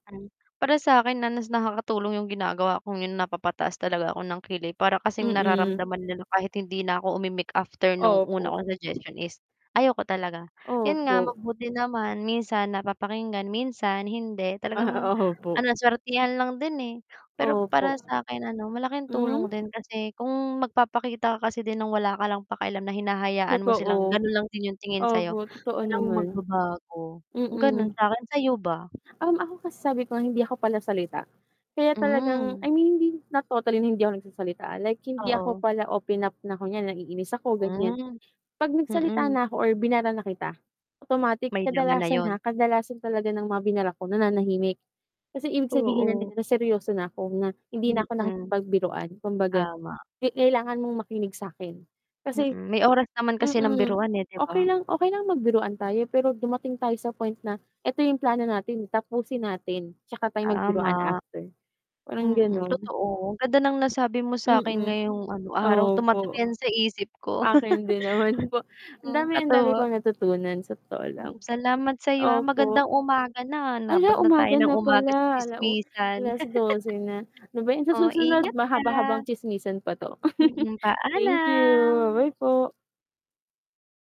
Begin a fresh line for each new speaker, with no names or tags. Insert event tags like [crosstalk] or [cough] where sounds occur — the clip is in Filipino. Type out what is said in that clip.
Ay, para sa'kin na mas nakakatulong 'yong ginagawa ko ngayon; napapataas talaga ako ng kilay para kasing
Mm.
nararamdaman nila kahit hindi na ako umimik after nung una
Opo.
kong suggestion is ayoko talaga, yun nga,
Opo.
mabuti naman minsan napapakinggan, minsan hindi,
Ah,
talagang ano
opo.
lang, suwertehan lang din, eh, pero para
Opo.
sa'kin ano, malaking tulong
Hmm?
din kasi kung magpapakita ka kasi din ng wala ka lang pakialam na hinahayaan mo silang
Totoo.
gano'n lang din 'yong tingin sa 'yo,
Opo, totoo
walang
naman.
magbabago. Kung gano'n
Mm.
sa'kin, sa 'yo ba?
Hmm, ako kasi sabi ko, hindi ako palasalita kaya talagang I
Hmm.
mean, hindi not totally na hindi ako nagsasalita, ah, like, hindi ako
Oo.
pala open up na kunyari, naiinis ako, ganiyan.
Hmm,
'Pag nagsalita
mhm.
na ako or binara na kita, automatic,
May laman na
kadalasan,
'yon.
ha, kadalasan talaga ng mga binara ko, nananahimik. Kasi ibig sabihin
Oo.
no'n na seryoso na ako, na hindi na ako
Mm.
nakikipagbiruan, kumbaga
Tama.
ke kailangan mong makinig sa'kin. Kasi
Mm, may oras naman kasi ng
mm,
biruan, eh, 'di ba?
okey lang okey lang magbiruan tayo pero dumating tayo sa point na, 'eto 'yong plano natin, tapusin natin, 'tsaka tayo magbiruan
Tama.
after. Parang
Mm,
gano'n.
totoo; ang ganda ng nasabi mo sa'kin
Mm,
ngayong ano, araw, tumatak
opo.
'yan sa isip ko.
Akin
[chuckles]
din naman po, ang
Hmm,
dami ang dami
katuwa.
kong natutunan sa totoo lang.
Hmm, salamat sa'yo, ha,
Opo.
magandang umaga na,
Ala,
'nabot na tayo
umaga
ng
na
umaga sa
pala, ala-u
tsismisan.
alas-dose na, ano ba
[chuckles]
yan sa
Oh,
susunod,
ingat ka.
mahaba-habang tsismisan pa 'to. [chuckles]
Mm,
Thank you,
paalam.
bye bye po.